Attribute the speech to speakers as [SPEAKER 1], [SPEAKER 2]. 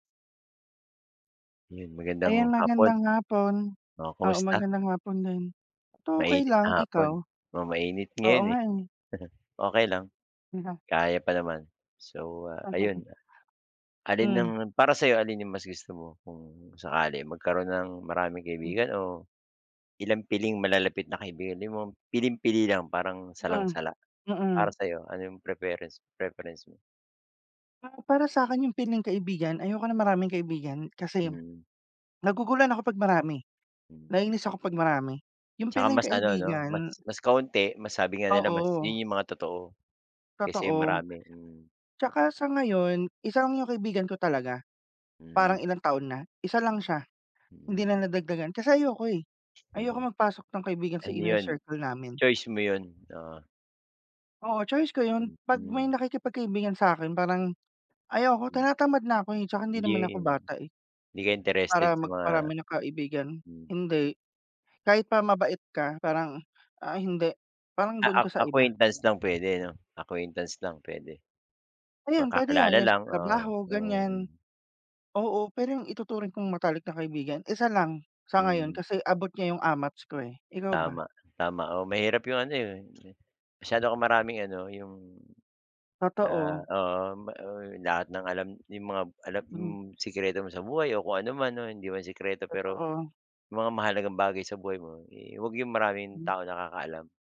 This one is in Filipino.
[SPEAKER 1] Yun magandang
[SPEAKER 2] Ayan
[SPEAKER 1] hapon.
[SPEAKER 2] magandang hapon
[SPEAKER 1] O,
[SPEAKER 2] oo,
[SPEAKER 1] kumusta?
[SPEAKER 2] magandang hapon din. Eto okey
[SPEAKER 1] Mainit
[SPEAKER 2] lang,
[SPEAKER 1] na hapon,
[SPEAKER 2] ikaw?
[SPEAKER 1] oo mainit
[SPEAKER 2] Oo
[SPEAKER 1] ngayon,
[SPEAKER 2] nga
[SPEAKER 1] eh.
[SPEAKER 2] eh.
[SPEAKER 1] Okey lang.
[SPEAKER 2] [unintelligible]
[SPEAKER 1] Kaya pa naman. So, ah, ayun, ah alin ang
[SPEAKER 2] Mm.
[SPEAKER 1] para sa'yo alin yung mas gusto mo kung sakali magkaroon ng maraming
[SPEAKER 2] Hmm.
[SPEAKER 1] kaibigan o ilang piling malalapit na kaibigan mo, yung bang piling-pili lang parang
[SPEAKER 2] Hmm.
[SPEAKER 1] salang-sala.
[SPEAKER 2] Mm.
[SPEAKER 1] Para sa'yo ano yung preference preference mo?
[SPEAKER 2] Ah, para sa'kin yung piling-kaibigan, ayoko ng maraming kaibigan kasi
[SPEAKER 1] Mm.
[SPEAKER 2] naguguluhan ako 'pag marami.
[SPEAKER 1] Hmm.
[SPEAKER 2] Nainis ako pag marami. Yung
[SPEAKER 1] 'Tsaka mas ano no,
[SPEAKER 2] piling-kaibigan
[SPEAKER 1] mas mas kaunti, mas sabi nga nila, mas
[SPEAKER 2] Oo.
[SPEAKER 1] yun yung mga totoo. Kaysa yung
[SPEAKER 2] Totoo.
[SPEAKER 1] marami, hmm.
[SPEAKER 2] 'Tsaka sa ngayon, isa lang yung kaibigan ko talaga. Parang
[SPEAKER 1] Mm.
[SPEAKER 2] ilang taon na. Isa lang siya.
[SPEAKER 1] Mm.
[SPEAKER 2] Hindi na nadagdagan kasi ayoko, eh. Ayoko
[SPEAKER 1] Mm.
[SPEAKER 2] magpasok ng kaibigan sa
[SPEAKER 1] Ano
[SPEAKER 2] inner
[SPEAKER 1] yun
[SPEAKER 2] circle namin.
[SPEAKER 1] choice mo yun oo.
[SPEAKER 2] Oo, choice ko yun, pag may
[SPEAKER 1] Mhm.
[SPEAKER 2] nakikipagkaibigan sa'kin parang ayoko
[SPEAKER 1] Hmm.
[SPEAKER 2] tinatamad na ako, eh, 'tsaka hindi
[SPEAKER 1] Hindi
[SPEAKER 2] naman ako
[SPEAKER 1] rin.
[SPEAKER 2] bata, eh
[SPEAKER 1] Hindi ka interested
[SPEAKER 2] para
[SPEAKER 1] sa mga
[SPEAKER 2] magparami ng kaibigan.
[SPEAKER 1] hmm.
[SPEAKER 2] Hindi. Kahit pa mabait ka parang ah, hindi. Parang
[SPEAKER 1] Ah,
[SPEAKER 2] dun
[SPEAKER 1] ac
[SPEAKER 2] ka sa iba.
[SPEAKER 1] acquaintance lang pwede no? Acquaintance lang pwede.
[SPEAKER 2] Ayan, pwede yan,
[SPEAKER 1] Magkakilala
[SPEAKER 2] yung sa
[SPEAKER 1] lang ah
[SPEAKER 2] trabaho,
[SPEAKER 1] um.
[SPEAKER 2] ganyan oo, pero yung ituturing kong matalik na kaibigan, isa lang sa ngayon
[SPEAKER 1] Mm.
[SPEAKER 2] kasi abot niya yung amats ko, eh. Ikaw ba?
[SPEAKER 1] Tama, tama, oo mahirap yung ano 'yon, eh, masyado kang maraming ano, yung ah
[SPEAKER 2] Totoo.
[SPEAKER 1] oo mm, ba uy, lahat ng alam may mga alam, hmm
[SPEAKER 2] Mm.
[SPEAKER 1] mga alam sikreto mo sa buhay o kung anuman o hindi man sikreto pero
[SPEAKER 2] Totoo.
[SPEAKER 1] yung mga mahalagang bagay sa buhay mo, eh, huwag 'yong maraming
[SPEAKER 2] Hmm.
[SPEAKER 1] tao nakakaalam.